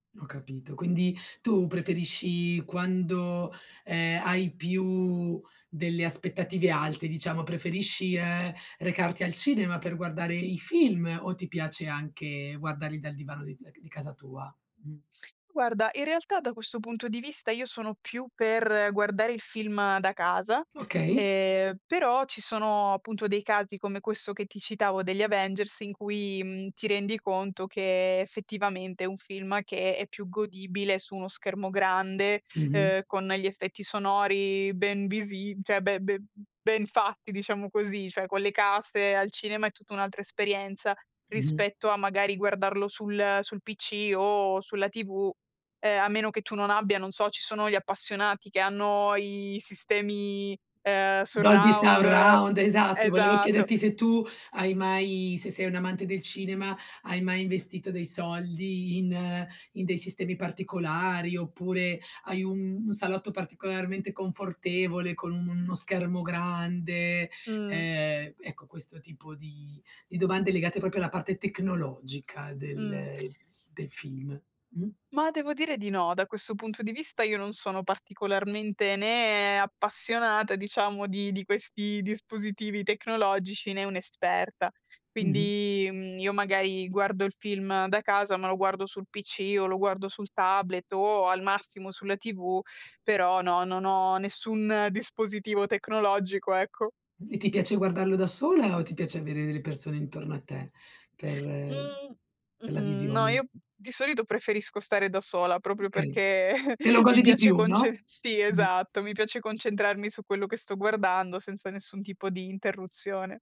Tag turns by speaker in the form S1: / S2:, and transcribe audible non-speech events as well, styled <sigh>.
S1: Ho capito, quindi tu preferisci quando, ehm, hai più delle aspettative alte, diciamo, preferisci, ehm, recarti al cinema per guardare i film o ti piace anche guardarli dal divano di uhm, c di casa tua? Mh
S2: Guarda, in realtà da questo punto di vista io sono più per guardare il film da casa,
S1: Okay.
S2: ehm, però ci sono appunto dei casi, come questo che ti citavo degli Avengers, in cui, mhmm, ti rendi conto che effettivamente è un film che è più godibile su uno schermo grande,
S1: Mh-mh.
S2: uhm, con gli effetti sonori ben visi cioè be ben ben fatti, diciamo così. Cioè, con le casse al cinema è tutta un'altra esperienza
S1: Mh-mh.
S2: rispetto a magari guardarlo sul sul PC o sulla TV, ehm, a meno che tu non abbia, non so ci sono gli appassionati che hanno i sistemi, ehm,
S1: Dolby
S2: surround
S1: Surround, esatto. Volevo
S2: Esatto.
S1: chiederti se tu hai mai se sei un'amante del cinema, hai mai investito dei soldi in in dei sistemi particolari oppure hai un un salotto particolarmente confortevole con un uno schermo grande?
S2: Mh.
S1: Ehm, ecco, questo tipo di di domande legate proprio alla parte tecnologica
S2: Mh.
S1: del
S2: <tsk>
S1: z del film. Mh
S2: Ma devo dire di no, da questo punto di vista io non sono particolarmente né appassionata, diciamo, di di questi dispositivi tecnologici, né un'esperta.
S1: Mh-mh.
S2: Quindi, mhmm, io magari guardo il film da casa, ma lo guardo sul PC o lo guardo sul tablet o al massimo sulla TV, però no, non ho nessun dispositivo tecnologico, ecco
S1: E ti piace guardarlo da sola o ti piace avere delle persone intorno a te per
S2: Mhmm,
S1: per la
S2: mh-mh, no,
S1: visione?
S2: io di solito preferisco stare da sola proprio
S1: Okay.
S2: perché
S1: Te lo
S2: <chuckles> mi
S1: godi di
S2: piace
S1: più, no?
S2: concen sì,
S1: Mh.
S2: esatto, mi piace concentrarmi su quello che sto guardando senza nessun tipo di interruzione.